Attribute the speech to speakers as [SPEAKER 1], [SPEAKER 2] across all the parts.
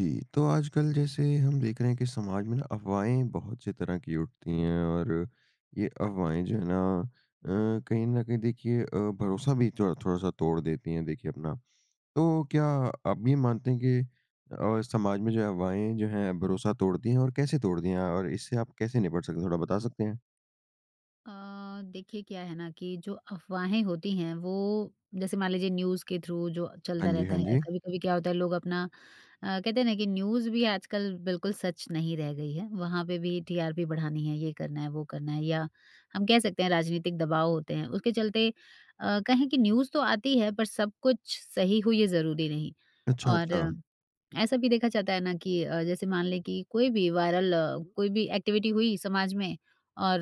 [SPEAKER 1] जी। तो आजकल जैसे हम देख रहे हैं कि समाज में ना अफ़वाहें बहुत सी तरह की उठती हैं। और ये अफ़वाहें जो है ना अ, कहीं न कहीं देखिए अ, भरोसा भी थोड़ थोड़ा-सा तोड़ देती हैं देखिए अपना। तो क्या आप ये मानते हैं कि अ, समाज में जो अफ़वाहें जो है भरोसा तोड़ती है? और कैसे तोड़ती हैं और इससे आप कैसे निपट सकते हैं थोड़ा बता सकते हैं?
[SPEAKER 2] अ, देखिए क्या है ना कि जो अफ़वाहें होती हैं वो जैसे मान लीजिए न्यूज़ के थ्रू जो
[SPEAKER 1] हाँ
[SPEAKER 2] चलता
[SPEAKER 1] जी,
[SPEAKER 2] रहता
[SPEAKER 1] हाँ
[SPEAKER 2] है
[SPEAKER 1] जी।
[SPEAKER 2] कभी-कभी क्या होता है लोग अपना अ, कहते हैं ना कि न्यूज़ भी आजकल बिल्कुल सच नहीं रह गई है। वहाँ पे भी टीआरपी बढ़ानी है ये करना है, वो करना है या हम कह सकते हैं राजनीतिक दबाव होते हैं। उसके चलते अ, कहीं की न्यूज़ तो आती है, पर सब कुछ सही हुई है, ज़रूरी नहीं।
[SPEAKER 1] अच्छा,
[SPEAKER 2] और
[SPEAKER 1] अच्छा।
[SPEAKER 2] ऐसा भी देखा जाता है ना कि अ, जैसे मान लें कि कोई भी वायरल कोई भी एक्टिविटी हुई समाज में और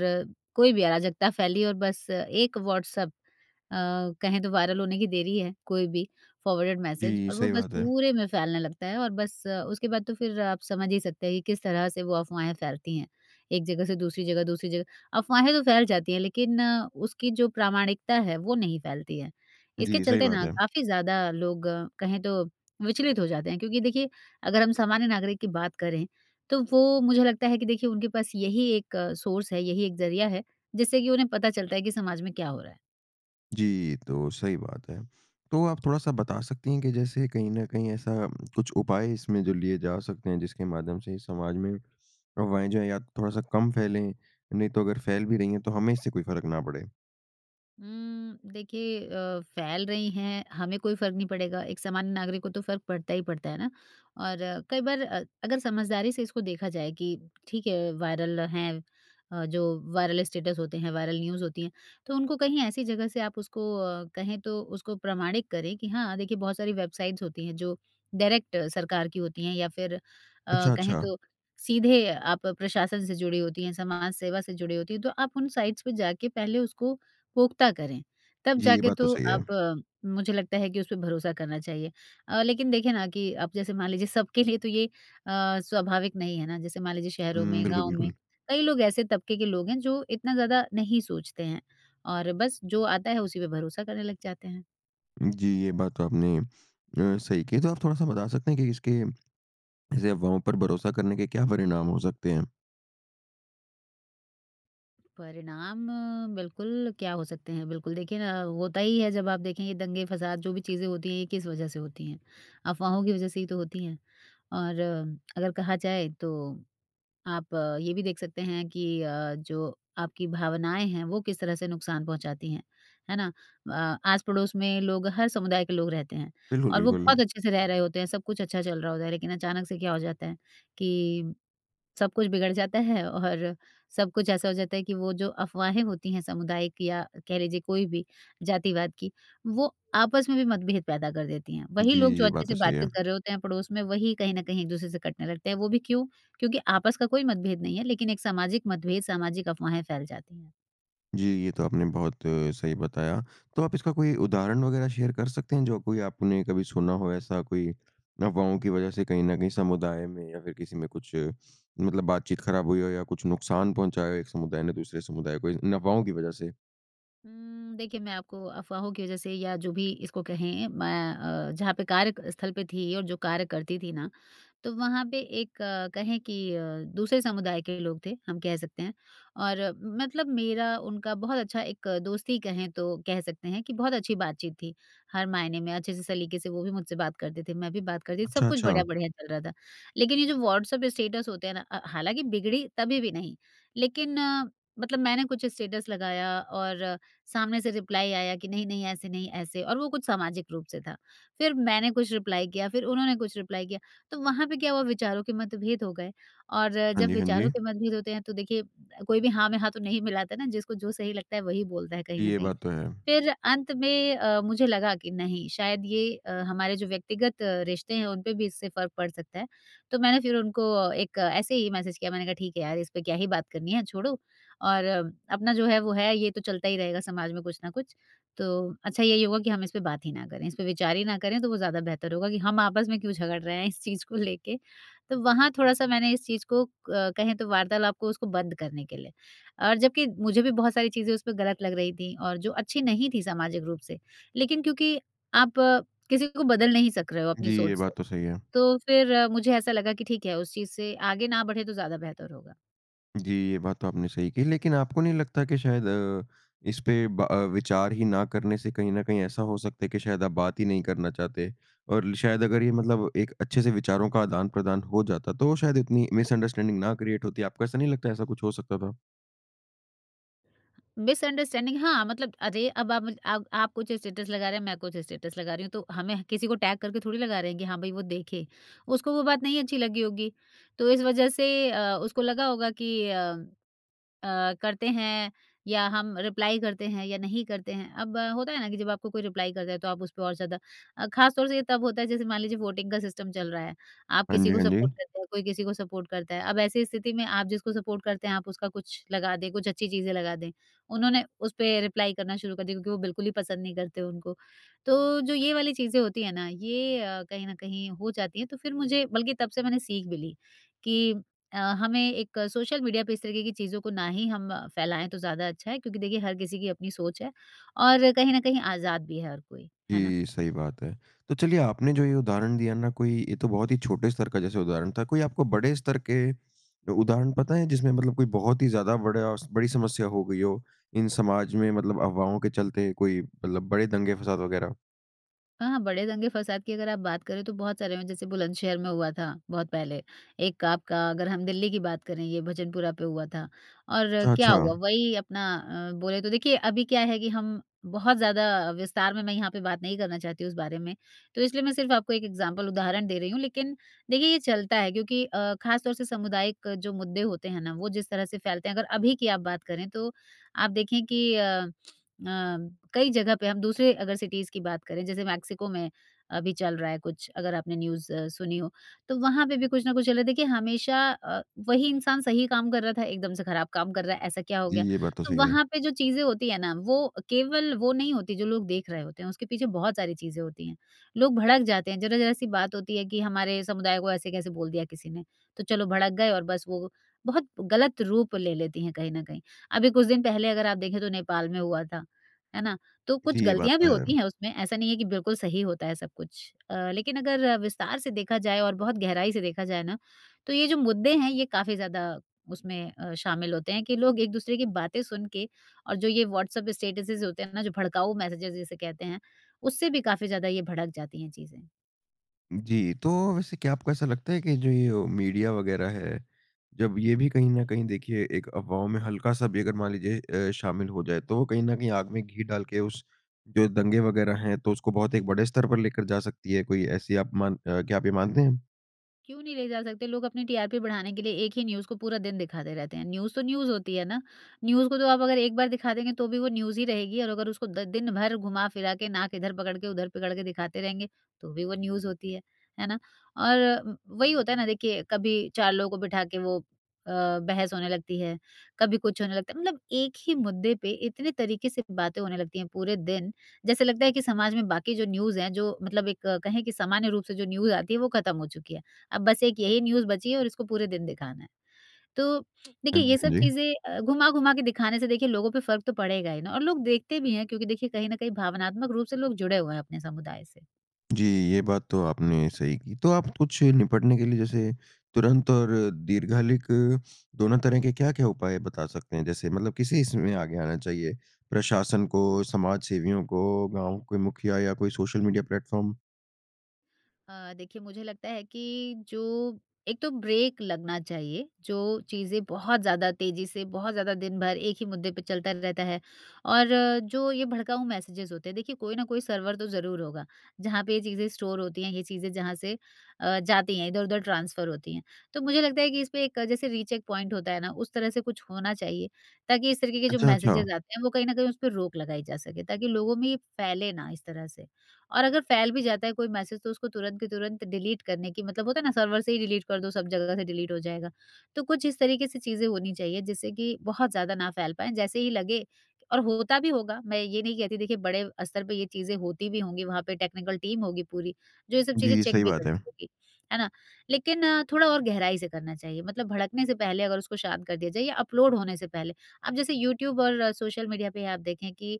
[SPEAKER 2] कोई भी अराजकता फैली और बस एक व्हाट्सएप अ, कहें तो वायरल होने की देरी है कोई भी फ़ॉरवर्डेड मैसेज
[SPEAKER 1] जी
[SPEAKER 2] और वो
[SPEAKER 1] सही
[SPEAKER 2] बस
[SPEAKER 1] बात है।
[SPEAKER 2] पूरे में फैलने लगता है और बस उसके बाद तो फ़िर आप समझ ही सकते हैं कि किस तरह से वो अफ़वाहें फैलती हैं। एक जगह से दूसरी जगह, दूसरी जगह अफ़वाहें तो फैल जाती हैं लेकिन उसकी जो प्रामाणिकता है वो नहीं फैलती है। इसके
[SPEAKER 1] जी सही
[SPEAKER 2] चलते
[SPEAKER 1] बात
[SPEAKER 2] ना
[SPEAKER 1] है।
[SPEAKER 2] काफ़ी ज़्यादा लोग कहें तो विचलित हो जाते हैं। क्योंकि देखिए अगर हम सामान्य नागरिक की बात करें तो वो मुझे लगता है कि देखिए उनके पास यही एक सोर्स है यही एक ज़रिया है जिससे कि उन्हें पता चलता है कि समाज में क्या हो रहा है।
[SPEAKER 1] जी, तो सही बात है। तो आप थोड़ा-सा बता सकती हैं कि जैसे कहीं न कहीं ऐसा कुछ उपाय इसमें जो लिए जा सकते हैं, जिसके माध्यम से समाज में, अफवाहें जो हैं या थोड़ा-सा कम फैलें, नहीं तो अगर फ़ैल भी रही हैं तो हमें इससे कोई फ़र्क ना पड़े।
[SPEAKER 2] उम, देखिए अ, फैल रही हैं, हमें कोई फ़र्क नहीं पड़ेगा, एक सामान्य नागरिक को तो फ़र्क पड़ता ही पड़ता है ना? और कई बार अ, अगर समझदारी से इसको देखा जाए कि ठीक है वायरल हैं अ, जो वायरल स्टेटस होते हैं, वायरल न्यूज़ होती हैं, तो उनको कहीं ऐसी जगह से आप उसको अ, कहें तो उसको प्रमाणित करें कि हाँ, देखिए बहुत सारी वेबसाइट्स होती हैं जो डायरेक्ट सरकार की होती हैं या फिर अ,
[SPEAKER 1] अच्छा,
[SPEAKER 2] कहें
[SPEAKER 1] अच्छा।
[SPEAKER 2] तो सीधे आप प्रशासन से जुड़ी होती हैं, समाज सेवा से जुड़ी होती हैं तो आप उन साइट्स पे जाके पहले उसको पुख्ता करें, तब
[SPEAKER 1] जी, ये
[SPEAKER 2] जाके
[SPEAKER 1] बात तो
[SPEAKER 2] तो
[SPEAKER 1] सही
[SPEAKER 2] आप
[SPEAKER 1] है।
[SPEAKER 2] मुझे लगता है कि उस पे भरोसा करना चाहिए। अ, लेकिन देखिए ना कि अब जैसे मान लीजिए सबके लिए तो ये अ, स्वाभाविक नहीं है ना? जैसे मान लीजिए शहरों
[SPEAKER 1] हुँ,
[SPEAKER 2] में
[SPEAKER 1] बिल्कुल,
[SPEAKER 2] गाँव में,
[SPEAKER 1] बिल्कुल।
[SPEAKER 2] कई लोग ऐसे तबके के लोग हैं जो इतना ज़्यादा नहीं सोचते हैं, और बस जो आता है उसी पे भरोसा करने लग जाते हैं।
[SPEAKER 1] जी, ये बात तो आपने अ, सही कही। तो, आप थोड़ा-सा बता सकते हैं कि इसके ऐसे अफ़वाहों पर भरोसा करने के क्या परिणाम हो सकते हैं?
[SPEAKER 2] परिणाम बिल्कुल क्या हो सकते हैं बिल्कुल देखिए ना होता ही है जब आप देखें ये दंगे-फ़साद जो भी चीज़ें होती हैं ये किस वजह से होती हैं? अफ़वाहों की वजह से ही तो होती हैं। और अगर कहा जाए तो आप ये भी देख सकते हैं कि अ, जो आपकी भावनाएँ हैं वो किस तरह से नुक़सान पहुँचाती हैं। है ना? अ, आस-पड़ोस में लोग हर समुदाय के लोग रहते हैं
[SPEAKER 1] बिल्कुल,
[SPEAKER 2] और वो बहुत
[SPEAKER 1] बिल्कुल।
[SPEAKER 2] अच्छे से रह रहे होते हैं सब कुछ अच्छा चल रहा होता है लेकिन अचानक से क्या हो जाता है कि सब कुछ बिगड़ जाता है और सब कुछ ऐसा हो जाता है कि वो जो अफ़वाहें होती हैं समुदाय की या कह लीजिए कोई भी जातिवाद की, वो आपस में भी मतभेद पैदा कर देती हैं। वही
[SPEAKER 1] जी
[SPEAKER 2] लोग जो
[SPEAKER 1] ये
[SPEAKER 2] अच्छे
[SPEAKER 1] बात
[SPEAKER 2] से
[SPEAKER 1] तो सही
[SPEAKER 2] बातचीत
[SPEAKER 1] है।
[SPEAKER 2] कर रहे होते हैं पड़ोस में वही कहीं न कहीं एक दूसरे से कटने लगते हैं वो भी क्यों? क्योंकि आपस का कोई मतभेद नहीं है लेकिन एक सामाजिक मतभेद सामाजिक अफ़वाहें फैल जाती हैं।
[SPEAKER 1] जी ये तो आपने बहुत सही बताया। तो आप इसका कोई उदाहरण वग़ैरह शेयर कर सकते हैं जो कोई आपने कभी सुना हो ऐसा कोई अफ़वाहों की वजह से कहीं न कहीं समुदाय में या फ़िर किसी में कुछ मतलब बातचीत ख़राब हुई हो या कुछ नुक़सान पहुँचाया हो एक समुदाय ने दूसरे समुदाय को इन अफ़वाहों की वजह से?
[SPEAKER 2] उम्म, देखिए मैं आपको अफवाहों की वजह से या जो भी इसको कहें मैं अ, जहाँ पे कार्य क स्थल पे थी और जो कार्य करती थी ना, तो वहाँ पे एक कहें कि अ, दूसरे समुदाय के लोग थे हम कह सकते हैं। और मतलब मेरा उनका बहुत अच्छा एक दोस्ती कहें तो कह सकते हैं कि बहुत अच्छी बातचीत थी। हर मायने में अच्छे से सलीके से वो भी मुझसे बात करते थे, मैं भी बात करती थी, सब
[SPEAKER 1] अच्छा,
[SPEAKER 2] कुछ
[SPEAKER 1] अच्छा।
[SPEAKER 2] बढ़िया-बढ़िया चल रहा था। लेकिन ये जो व्हाट्सऐप स्टेटस होते हैं ना अ, हालाँकि बिगड़ी तभी भी नहीं, लेकिन मतलब मैंने कुछ स्टेटस लगाया और सामने से रिप्लाई आया कि नहीं-नहीं ऐसे नहीं ऐसे और वो कुछ सामाजिक रूप से था। फिर मैंने कुछ रिप्लाई किया फिर उन्होंने कुछ रिप्लाई किया, तो वहाँ पे क्या हुआ विचारों के मतभेद हो गए और
[SPEAKER 1] हाँ
[SPEAKER 2] जब
[SPEAKER 1] जी, हाँ
[SPEAKER 2] विचारों
[SPEAKER 1] जी।
[SPEAKER 2] के मतभेद होते हैं तो देखिए अ, कोई भी हाँ में हाँ तो नहीं मिलाता है ना? जिसको जो सही लगता है वही बोलता है कहीं
[SPEAKER 1] जी,
[SPEAKER 2] न
[SPEAKER 1] ये
[SPEAKER 2] कहीं।
[SPEAKER 1] बात तो है।
[SPEAKER 2] फिर अंत में अ, मुझे लगा कि नहीं शायद ये अ, हमारे जो व्यक्तिगत रिश्ते हैं, उन पे भी इससे फ़र्क पड़ सकता है, तो मैंने फिर उनको एक ऐसे ही मैसेज किया मैंने कहा, "ठीक है यार, इस पे क्या ही बात करनी है छोड़ो और अपना जो है वो है। ये तो चलता ही रहेगा समाज में कुछ ना कुछ, तो अच्छा यही होगा कि हम इस पे बात ही ना करें, इस पे विचार ही ना करें तो वो ज़्यादा बेहतर होगा कि हम आपस में क्यों झगड़ रहे हैं इस चीज़ को लेके।" तो वहाँ थोड़ा-सा मैंने इस चीज़ को क कहें तो वार्तालाप को उसको बंद करने के लिए, और जबकि मुझे भी बहुत सारी चीज़ें उसपे गलत लग रही थीं और जो अच्छी नहीं थी सामाजिक रूप से, लेकिन क्योंकि आप किसी को बदल नहीं सक रहे हो अपनी
[SPEAKER 1] जी, ये
[SPEAKER 2] सोच से।
[SPEAKER 1] बात तो सही है।
[SPEAKER 2] तो फिर मुझे ऐसा लगा कि ठीक है, उस चीज़ से आगे ना बढ़े तो ज़्यादा बेहतर होगा।
[SPEAKER 1] जी ये बात तो आपने सही की। लेकिन आपको नहीं लगता कि शायद अ, इस पे ब अ, विचार ही ना करने से कहीं ना कहीं ऐसा हो सकता है कि शायद आप बात ही नहीं करना चाहते। और ल शायद अगर ये मतलब एक अच्छे से विचारों का आदान-प्रदान हो जाता तो शायद इतनी मिसअंडरस्टैंडिंग ना क्रिएट होती। आपको ऐसा नहीं लगता ऐसा कुछ हो सकता था?
[SPEAKER 2] मिसअंडरस्टैंडिंग हाँ मतलब। अरे अब आप आप आप कुछ स्टेटस लगा रहे हैं, मैं कुछ स्टेटस लगा रही हूँ तो हमें किसी को टैग करके थोड़ी लगा रहे हैं कि हाँ भाई वो देखे, उसको वो बात नहीं अच्छी लगी होगी। तो इस वजह से अ, उसको लगा होगा कि अ, अ, करते हैं या हम रिप्लाई करते हैं या नहीं करते हैं। अब होता है ना कि जब आपको कोई रिप्लाई करता है तो आप उस पर और ज़्यादा। खासतौर से ये तब होता है जैसे मान लीजिए वोटिंग का सिस्टम चल रहा है। आप
[SPEAKER 1] हाँ
[SPEAKER 2] किसी
[SPEAKER 1] जी,
[SPEAKER 2] को
[SPEAKER 1] हाँ
[SPEAKER 2] सपोर्ट
[SPEAKER 1] जी।
[SPEAKER 2] करते हैं कोई किसी को सपोर्ट करता है। अब ऐसी स्थिति में आप जिसको सपोर्ट करते हैं आप उसका कुछ लगा दें कुछ अच्छी चीज़ें लगा दें, उन्होंने उस पे रिप्लाई करना शुरू कर दिया क्योंकि वो बिल्कुल ही पसंद नहीं करते उनको। तो जो ये वाली चीज़ें होती हैं ना ये कहीं ना कहीं हो जाती है। तो फिर मुझे बल्कि तब से मैंने सीख भी ली, कि अ, हमें एक सोशल मीडिया पे इस तरीके की चीज़ों को ना ही हम फैलाएँ तो ज़्यादा अच्छा है। क्योंकि देखिए हर किसी की अपनी सोच है। और कहीं ना कहीं आज़ाद भी है हर कोई, है ना?
[SPEAKER 1] जी सही बात है। तो चलिए आपने जो ये उदाहरण दिया ना कोई ये तो बहुत ही छोटे स्तर का जैसे उदाहरण था। कोई आपको बड़े स्तर के, उदाहरण पता है जिसमें मतलब कोई बहुत ही ज़्यादा बड़ा बड़ी समस्या हो गई हो इन समाज में मतलब अफवाहों के चलते कोई मतलब बड़े दंगे फ़साद वगैरह?
[SPEAKER 2] हाँ, हाँ बड़े दंगे-फ़साद की अगर आप बात करें तो बहुत सारे हुए जैसे बुलंदशहर में हुआ था, बहुत पहले। एक आपका अगर हम दिल्ली की बात करें ये भजनपुरा पे हुआ था। और
[SPEAKER 1] अच्छा,
[SPEAKER 2] क्या हुआ?
[SPEAKER 1] अच्छा।
[SPEAKER 2] वही अपना अ, बोले तो देखिए अभी क्या है कि हम बहुत ज़्यादा अ, विस्तार में मैं यहाँ पे बात नहीं करना चाहती हूँ उस बारे में। तो इसलिए मैं सिर्फ़ आपको एक एक्ज़ाम्पल उदाहरण दे रही हूँ लेकिन देखिए ये चलता है क्योंकि अ, खास तौर से सामुदायिक जो मुद्दे होते हैं ना? वो जिस तरह से फ़ैलते हैं अगर अभी की आप बात करें तो आप देखें कि अ, अ, कई जगह पे हम दूसरे अगर सिटीज़ की बात करें जैसे मेक्सिको में अभी चल रहा है कुछ, अगर आपने न्यूज़ अ, सुनी हो। तो वहाँ पे भी कुछ ना कुछ चल रहा है। देखिए हमेशा अ, वही इंसान सही काम कर रहा था एकदम से खराब काम कर रहा है, ऐसा क्या हो
[SPEAKER 1] जी,
[SPEAKER 2] गया?
[SPEAKER 1] ये बात तो
[SPEAKER 2] तो
[SPEAKER 1] सही है।
[SPEAKER 2] वहाँ पे जो चीज़ें होती है ना वो केवल वो नहीं होती जो लोग देख रहे होते हैं उसके पीछे बहुत सारी चीज़ें होती हैं। लोग भड़क जाते हैं ज़रा-ज़रा सी बात होती है कि हमारे समुदाय को ऐसे कैसे बोल दिया किसी ने? तो चलो भड़क गए और बस वो बहुत गलत रूप ले लेती हैं कहीं न कहीं। अभी कुछ दिन पहले अगर आप देखें तो नेपाल में हुआ था। है ना? तो कुछ
[SPEAKER 1] जी, ये बात
[SPEAKER 2] गलतियाँ भी
[SPEAKER 1] तो है।
[SPEAKER 2] होती हैं उसमें ऐसा नहीं है कि बिल्कुल सही होता है सब कुछ। अ, लेकिन अगर विस्तार से देखा जाए और बहुत गहराई से देखा जाए ना तो ये जो मुद्दे हैं, ये काफ़ी ज़्यादा उसमें अ, शामिल होते हैं कि लोग एक-दूसरे की बातें सुनके और जो ये व्हाट्सएप स्टेटसेज़ होते हैं ना जो भड़काऊ मैसेजेज़ जिसे कहते हैं, उससे भी काफ़ी ज़्यादा ये भड़क जाती हैं चीज़ें।
[SPEAKER 1] जी, तो वैसे क्या आपको ऐसा लगता है कि जो यो मीडिया वग़ैरह है, जब ये भी कहीं न कहीं देखिए एक अफ़वाहों में हल्का-सा भी अगर मान लीजिए अ, शामिल हो जाए तो वो कहीं न कहीं आग में घी डाल के उस जो दंगे वग़ैरह हैं तो उसको बहुत एक बड़े स्तर पर लेकर जा सकती है कोई ऐसी आप मान अ, क्या आप ये मानते हैं?
[SPEAKER 2] क्यों नहीं ले जा सकते? लोग अपनी टीआरपी बढ़ाने के लिए एक ही न्यूज़ को पूरा दिन दिखाते रहते हैं, न्यूज़ तो न्यूज़ होती है ना? न्यूज़ को तो आप अगर एक बार दिखा देंगे तो भी वो न्यूज़ ही रहेगी। और अगर उसको द दिन भर घुमा फिरा के नाक इधर पकड़ के उधर पकड़ के दिखाते रहेंगे तो भी वो न्यूज़ होती है, है ना? और व वही होता है ना देखिए कभी 4 लोगों को बिठा के वो अ, बहस होने लगती है, कभी कुछ होने लगता है। मतलब एक ही मुद्दे पे इतने तरीके से बातें होने लगती हैं पूरे दिन, जैसे लगता है कि समाज में बाकी जो न्यूज़ हैं जो मतलब एक कहें कि सामान्य रूप से जो न्यूज़ आती हैं वो खत्म हो चुकी है। अब बस एक यही न्यूज़ बची है और इसको पूरे दिन दिखाना है। तो
[SPEAKER 1] हाँ
[SPEAKER 2] देखिए
[SPEAKER 1] जी,
[SPEAKER 2] ये
[SPEAKER 1] हाँ
[SPEAKER 2] सब
[SPEAKER 1] जी।
[SPEAKER 2] चीज़ें अ, घुमा-घुमा के दिखाने से देखिए लोगों पे फ़र्क तो पड़ेगा ही ना। और लोग देखते भी हैं क्योंकि देखिए कहीं न कहीं भावनात्मक रूप से लोग जुड़े हुए हैं अपने समुदाय से।
[SPEAKER 1] जी, ये बात तो आपने सही की। तो आप कुछ निपटने के लिए जैसे तुरंत और दीर्घकालिक दोनों तरह के क्या-क्या उपाय बता सकते हैं? जैसे मतलब किसे इसमें आगे आना चाहिए प्रशासन
[SPEAKER 2] उ ह
[SPEAKER 1] को?
[SPEAKER 2] हुँ।
[SPEAKER 1] समाज सेवियों को, गाँव के मुखिया या कोई सोशल मीडिया प्लेटफ़ॉर्म?
[SPEAKER 2] अ, देखिए मुझे लगता है कि जो एक तो ब्रेक लगना चाहिए जो चीज़ें बहुत ज़्यादा तेज़ी से बहुत ज़्यादा दिन-भर एक ही मुद्दे पर चलता रहता है और जो ये भड़काऊ मैसेजेज़ होते हैं। देखिए कोई ना कोई सर्वर तो ज़रूर होगा जहाँ पे ये चीज़ें स्टोर होती हैं ये चीज़ें जहाँ से अ, जाती हैं इधर-उधर ट्रांसफ़र होती हैं। तो मुझे लगता है कि इसपे एक जैसे रीचेक पॉइंट होता है ना उस तरह से कुछ होना चाहिए ताकि इस तरीके के जो
[SPEAKER 1] अच्छा, अच्छा।
[SPEAKER 2] मैसेजेज़ आते हैं वो कहीं न कहीं उसपे रोक लगाई जा सके। ताकि लोगों में फैले ना इस तरह से और अगर फैल भी जाता है कोई मैसेज तो उसको तुरंत के तुरंत डिलीट करने की मतलब होता है ना सर्वर से ही डिलीट कर दो सब जगह से डिलीट हो जाएगा। तो कुछ इस तरीके से चीज़ें होनी चाहिए जिससे कि बहुत ज़्यादा ना फैल पाएँ जैसे ही लगे और होता भी होगा मैं ये नहीं कहती देखिए बड़े स्तर पर ये चीज़ें होती भी होंगी वहाँ पे टेक्निकल टीम होगी पूरी। जो ये सब चीज़ें
[SPEAKER 1] जी,
[SPEAKER 2] चेक
[SPEAKER 1] सही
[SPEAKER 2] भी
[SPEAKER 1] बात है।
[SPEAKER 2] करती होगी। है ना? लेकिन थोड़ा और गहराई से करना चाहिए मतलब भड़कने से पहले अगर उसको शांत कर दिया जाए या अपलोड होने से पहले। अब जैसे यूट्यूब और सोशल मीडिया पे ही आप देखें कि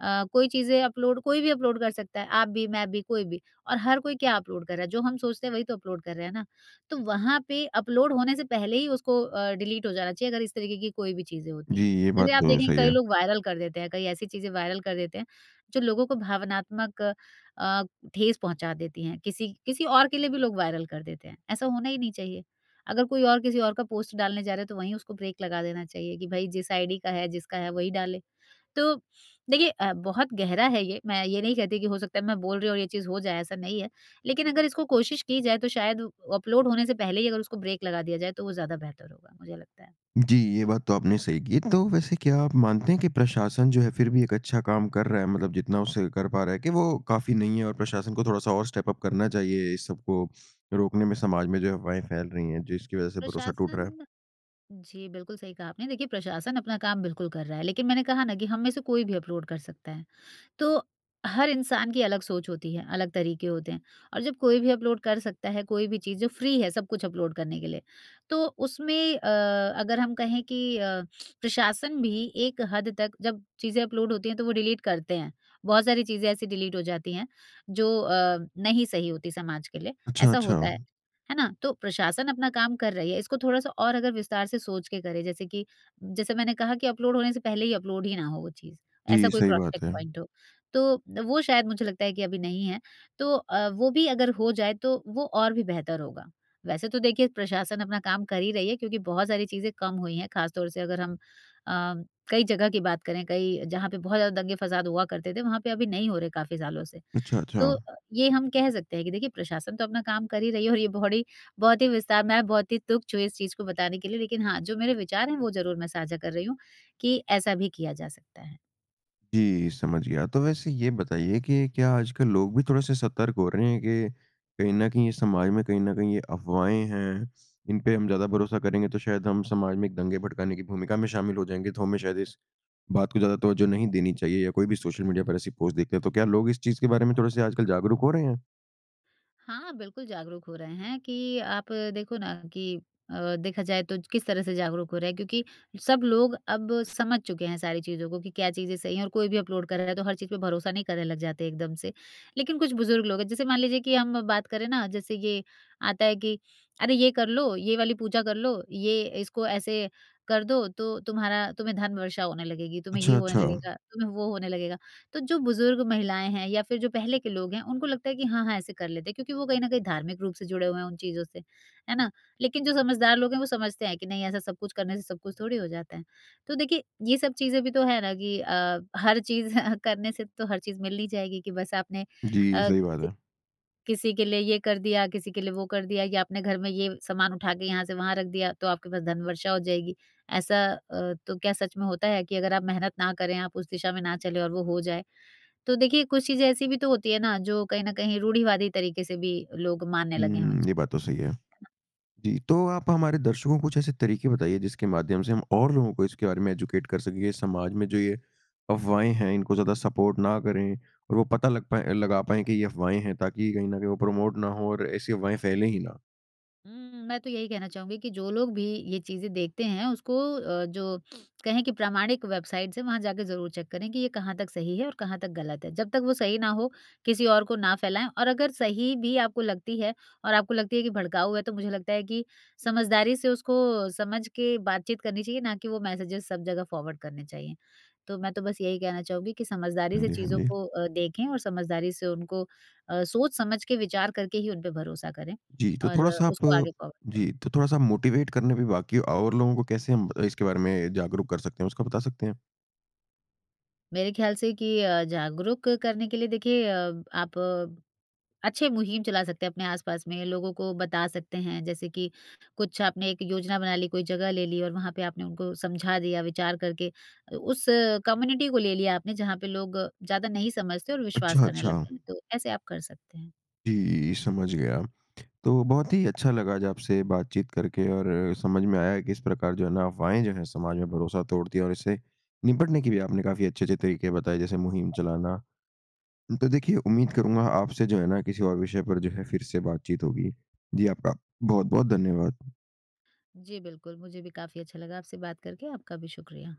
[SPEAKER 2] अ, कोई चीज़ें अपलोड कोई भी अपलोड कर सकता है, आप भी मैं भी कोई भी। और हर कोई क्या अपलोड कर रहा है जो हम सोचते हैं वही तो अपलोड कर रहे हैं ना। तो वहाँ पे अपलोड होने से पहले ही उसको अ, डिलीट हो जाना चाहिए अगर इस तरीके की कोई भी चीज़ें होती
[SPEAKER 1] जी,
[SPEAKER 2] हैं।
[SPEAKER 1] ये बात
[SPEAKER 2] जैसे आप
[SPEAKER 1] तो
[SPEAKER 2] देखेंगे
[SPEAKER 1] सही
[SPEAKER 2] कई
[SPEAKER 1] है।
[SPEAKER 2] लोग वायरल कर देते हैं कई ऐसी चीज़ें वायरल कर देते हैं जो लोगों को भावनात्मक अ, ठेस पहुँचा देती हैं किसी किसी और के लिए भी लोग वायरल कर देते हैं। ऐसा होना ही नहीं चाहिए अगर कोई और किसी और का पोस्ट डालने जा रहा है तो वहीं उसको ब्रेक लगा देना चाहिए कि भई जिस आईडी का है जिसका है वही डाले। तो देखिए अ, बहुत गहरा है ये। मैं ये नहीं कहती कि हो सकता है मैं बोल रही हूँ और ये चीज़ हो जाए, ऐसा नहीं है। लेकिन अगर इसको कोशिश की जाए तो शायद अपलोड होने से पहले ही अगर उसको ब्रेक लगा दिया जाए तो वो ज़्यादा बेहतर होगा। मुझे लगता है।
[SPEAKER 1] जी, ये बात तो आपने सही की तो वैसे क्या आप मानते हैं कि प्रशासन जो है फ़िर भी एक अच्छा काम कर रहा है। मतलब जितना उससे कर पा रहा है कि वो काफ़ी नहीं है और प्रशासन को थोड़ा-सा और स्टेप-अप करना चाहिए इस सबको रोकने में समाज में जो अफवाहें फैल रही हैं। जिसकी वजह से भरोसा टूट रहा है।
[SPEAKER 2] प्रशासन, जी बिल्कुल सही कहा आपने। देखिए प्रशासन अपना काम बिल्कुल कर रहा है लेकिन मैंने कहा ना कि हम में से कोई भी अपलोड कर सकता है। तो हर इंसान की अलग सोच होती है, अलग तरीके होते हैं और जब कोई भी अपलोड कर सकता है कोई भी चीज़ जो फ्री है सब कुछ अपलोड करने के लिए। तो उसमें अ, अगर हम कहें कि अ, प्रशासन भी एक हद तक जब चीज़ें अपलोड होती हैं तो वो डिलीट करते हैं। बहुत सारी चीज़ें ऐसी डिलीट हो जाती हैं जो अ, नहीं सही होती समाज के लिए।
[SPEAKER 1] अच्छा,
[SPEAKER 2] ऐसा
[SPEAKER 1] अच्छा।
[SPEAKER 2] होता है। है ना? तो प्रशासन अपना काम कर रही है इसको थोड़ा सा और अगर विस्तार से सोच के करें। जैसे कि जैसे मैंने कहा कि अपलोड होने से पहले ही अपलोड ही ना हो वो चीज़। ऐसा
[SPEAKER 1] जी,
[SPEAKER 2] कोई
[SPEAKER 1] सही
[SPEAKER 2] क्रॉस
[SPEAKER 1] बात
[SPEAKER 2] चेक
[SPEAKER 1] है।
[SPEAKER 2] पॉइंट हो। तो अ, वो शायद मुझे लगता है कि अभी नहीं है तो अ, वो भी अगर हो जाए तो वो और भी बेहतर होगा। वैसे तो देखिए प्रशासन अपना काम कर ही रही है क्योंकि बहुत सारी चीज़ें कम हुई हैं खास तौर से अगर हम अ, कई जगह की बात करें कई जहाँ पर बहुत ज़्यादा दंगे-फ़साद हुआ करते थे वहाँ पे अभी नहीं हो रहे काफ़ी सालों से।
[SPEAKER 1] अच्छा,
[SPEAKER 2] तो
[SPEAKER 1] अच्छा।
[SPEAKER 2] अ, ये हम कह सकते हैं कि देखिए प्रशासन तो अपना काम कर ही रही है और ये बोहडी बहुत ही विस्तार, मैं बहुत ही तुच्छ हूँ इस चीज़ को बताने के लिए लेकिन हाँ जो मेरे विचार हैं वो ज़रूर मैं साझा कर रही हूँ कि ऐसा भी किया जा सकता है।
[SPEAKER 1] जी समझ गया, तो वैसे ये बताइए कि क्या आजकल लोग भी थोड़े-से सतर्क हो रहे हैं कि कहीं न कहीं ये समाज में, कहीं न कहीं ये अफ़वाहें हैं, इन पे हम ज़्यादा भरोसा करेंगे, तो शायद हम समाज में एक दंगे भड़काने की भूमिका में शामिल हो जाएँगे, तो हमें शायद इस बात को ज़्यादा तवज्जो नहीं देनी चाहिए? या कोई भी सोशल मीडिया पर ऐसी पोस्ट देखते हैं, तो क्या लोग इस चीज़ के बारे में थोड़े-से आजकल जागरूक हो रहे हैं?
[SPEAKER 2] हाँ, बिल्कुल जागरूक हो रहे हैं कि अ, आप देखो ना कि अ, देखा जाए तो किस तरह से जागरूक हो रहे हैं, क्योंकि सब लोग अब समझ चुके हैं सारी चीज़ों को कि क्या चीज़ें सही हैं और कोई भी अपलोड कर रहा है, तो हर चीज़ पे भरोसा नहीं करने लग जाते हैं एकदम से। लेकिन कुछ बुज़ुर्ग लोग हैं, जैसे मान लीजिए कि हम बात करें ना, जैसे ये आता है कि "अरे ये कर लो, ये वाली पूजा कर लो, ये इसको ऐसे कर दो, तो तुम्हारा तुम्हें धन वर्षा होने लगेगी, तुम्हें ये
[SPEAKER 1] अच्छा,
[SPEAKER 2] होने
[SPEAKER 1] अच्छा।
[SPEAKER 2] लगेगा, तुम्हें वो होने लगेगा।" तो जो बुज़ुर्ग महिलाएँ हैं या फिर जो पहले के लोग हैं, उनको लगता है कि हाँ हाँ ऐसे कर लेते हैं, क्योंकि वो कहीं न कहीं धार्मिक रूप से जुड़े हुए हैं उन चीज़ों से। है ना? लेकिन जो समझदार लोग हैं, वो समझते हैं कि नहीं ऐसा सब कुछ करने से सब कुछ थोड़ी हो जाता है, तो देखिए ये सब चीज़ें भी तो है ना कि अ, हर चीज़ करने से तो हर चीज़ मिल ही जाएगी कि बस आपने
[SPEAKER 1] जी,
[SPEAKER 2] अ,
[SPEAKER 1] सही बात
[SPEAKER 2] किसी
[SPEAKER 1] है।
[SPEAKER 2] किसी के लिए ये कर दिया, किसी के लिए वो कर दिया, कि आपने घर में ये सामान उठा के यहाँ से वहाँ रख दिया, तो आपके पास धन वर्षा हो जाएगी। ऐसा अ, तो क्या सच में होता है कि अगर आप मेहनत ना करें, आप उस दिशा में न चले और वो हो जाए। तो देखिए कुछ चीज़ें ऐसी भी तो होती हैं ना, जो कहीं न कहीं रूढ़िवादी तरीके से भी लोग मानने लगे हैं।
[SPEAKER 1] हुँ,
[SPEAKER 2] जी।
[SPEAKER 1] ये बात तो सही है। जी, तो आप हमारे दर्शकों को कुछ ऐसे तरीके बताइए, जिसके माध्यम से हम और लोगों को इसके बारे में एजुकेट कर सकें। ये समाज में जो ये अफ़वाहें हैं, इनको ज़्यादा सपोर्ट ना करें और वो पता लग पाए लगा पाएँ कि ये अफ़वाहें हैं, ताकि कहीं न कहीं वो प्रमोट ना हो और ऐसी अफ़वाहें फैलें ही ना?
[SPEAKER 2] हुँ, मैं तो यही कहना चाहूँगी कि जो लोग भी ये चीज़ें देखते हैं उसको अ, जो कहें कि प्रामाणिक वेबसाइट्स से वहाँ जाकर ज़रूर चेक करें कि ये कहाँ तक सही है और कहाँ तक गलत है। जब तक वो सही ना हो किसी और को ना फ़ैलाएँ और अगर सही भी आपको लगती है और आपको लगती है कि भड़काऊ है तो मुझे लगता है कि समझदारी से उसको समझ के बातचीत करनी चाहिए ना कि वो मैसेजेज़ सब जगह फ़ॉरवर्ड करने चाहिए। तो मैं तो बस यही कहना चाहूँगी कि समझदारी
[SPEAKER 1] हाँ
[SPEAKER 2] से
[SPEAKER 1] जी, हाँ
[SPEAKER 2] चीज़ों
[SPEAKER 1] जी।
[SPEAKER 2] को अ, देखें और समझदारी से उनको अ, सोच-समझ के विचार करके ही उनपे भरोसा करें
[SPEAKER 1] जी तो
[SPEAKER 2] और
[SPEAKER 1] थोड़ा-सा आप
[SPEAKER 2] उसको आगे फ़ॉरवर्ड
[SPEAKER 1] जी,
[SPEAKER 2] करें।
[SPEAKER 1] तो थोड़ा-सा आप मोटिवेट करने भी बाकी हैं, और लोगों को कैसे हम इसके बारे में जागरूक कर सकते हैं, उसका बता सकते हैं?
[SPEAKER 2] मेरे ख्याल से कि अ, जागरूक करने के लिए देखिए अ, आप अच्छे मुहिम चला सकते हैं। अपने आस-पास में लोगों को बता सकते हैं जैसे कि कुछ आपने एक योजना बना ली कोई जगह ले ली और वहाँ पे आपने उनको समझा दिया विचार करके अ, उस कम्युनिटी को ले लिया आपने जहाँ पे लोग ज़्यादा नहीं समझते और विश्वास
[SPEAKER 1] अच्छा,
[SPEAKER 2] करने
[SPEAKER 1] अच्छा।
[SPEAKER 2] लगते हैं। तो ऐसे आप कर सकते हैं।
[SPEAKER 1] जी, समझ गया। तो बहुत ही अच्छा लगा आज आपसे बातचीत करके और समझ में आया कि इस प्रकार जो है ना अफवाहें जो हैं समाज में भरोसा तोड़ती हैं और इससे निपटने के लिए भी आपने काफ़ी अच्छे-अच्छे तरीके बताए जैसे मुहिम चलाना। तो देखिए उम्मीद करूँगा आपसे जो है ना किसी और विषय पर जो है फ़िर से बातचीत होगी। जी आपका बहुत-बहुत धन्यवाद!
[SPEAKER 2] जी बिल्कुल, मुझे भी काफ़ी अच्छा लगा आपसे बात करके। आपका भी शुक्रिया!